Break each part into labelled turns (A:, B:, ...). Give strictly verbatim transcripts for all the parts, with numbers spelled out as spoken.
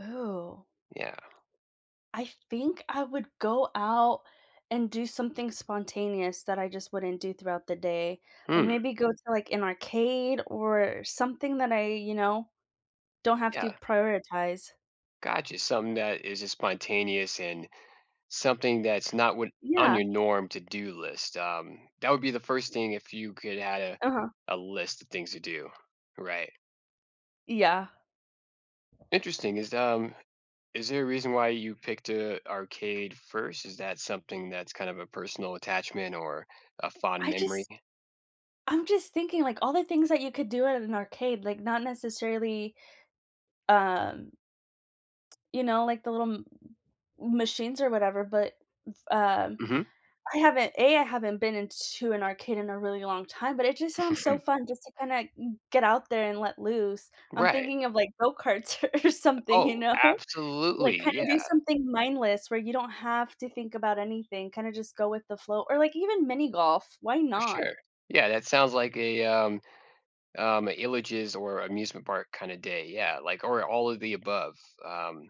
A: Ooh.
B: Yeah.
A: I think I would go out and do something spontaneous that I just wouldn't do throughout the day, like,
B: Hmm.
A: maybe go to, like, an arcade or something that I, you know, don't have to
B: Yeah.
A: prioritize.
B: Gotcha, something that is as spontaneous and something that's not what on
A: Yeah.
B: your norm to-do list. Um, that would be the first thing if you could add a
A: Uh-huh.
B: a list of things to do, right?
A: Yeah.
B: Interesting, is, um, is there a reason why you picked a arcade first? Is that something that's kind of a personal attachment or, a fond
A: I
B: memory?
A: just I'm just thinking, like, all the things that you could do at an ar arcade, like, not necessarily, um, you know, like the little m m machines or whatever, but, uh,
B: Mhm.
A: I haven't a. I haven't been in to an arcade in a really long time, but it just sounds so fun just to kinda g get out there and let loose. I'm
B: Right.
A: thinking of, like, go-karts or something, you
B: Oh,
A: know? Like,
B: absolutely,
A: kinda do
B: yeah.
A: something mindless where you don't have to think about anything, kinda just go with the flow or, like, even mini golf, why
B: For
A: not?
B: sure. Yeah, that sounds like a, um, um, illages or amusement park kinda day, yeah, like or all of the above, um,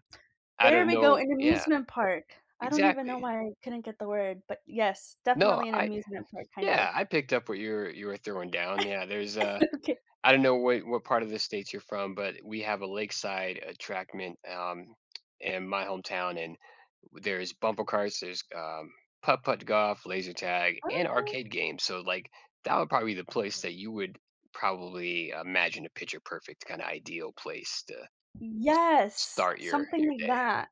B: I
A: There
B: don't
A: we go,
B: know
A: an
B: yeah.
A: amusement park. I don't even know
B: Exactly.
A: why I couldn't get the word, but, yes,
B: No,
A: definitely an
B: I
A: amusement park, kind of.
B: yeah, I picked up what you're you were throwing down, yeah, there's a
A: Okay.
B: I don't know wh what part of the States you're from, but we have a lakeside attractment, um, in my hometown, and w there's bumper cars, there's, um, putt-putt golf, laser tag, and
A: Okay.
B: arcade games, so, like, that would, probably, be the place that you would, probably, imagine a picture perfect, kinda, ideal place to s
A: Yes,
B: start your
A: something
B: your
A: like
B: day.
A: that.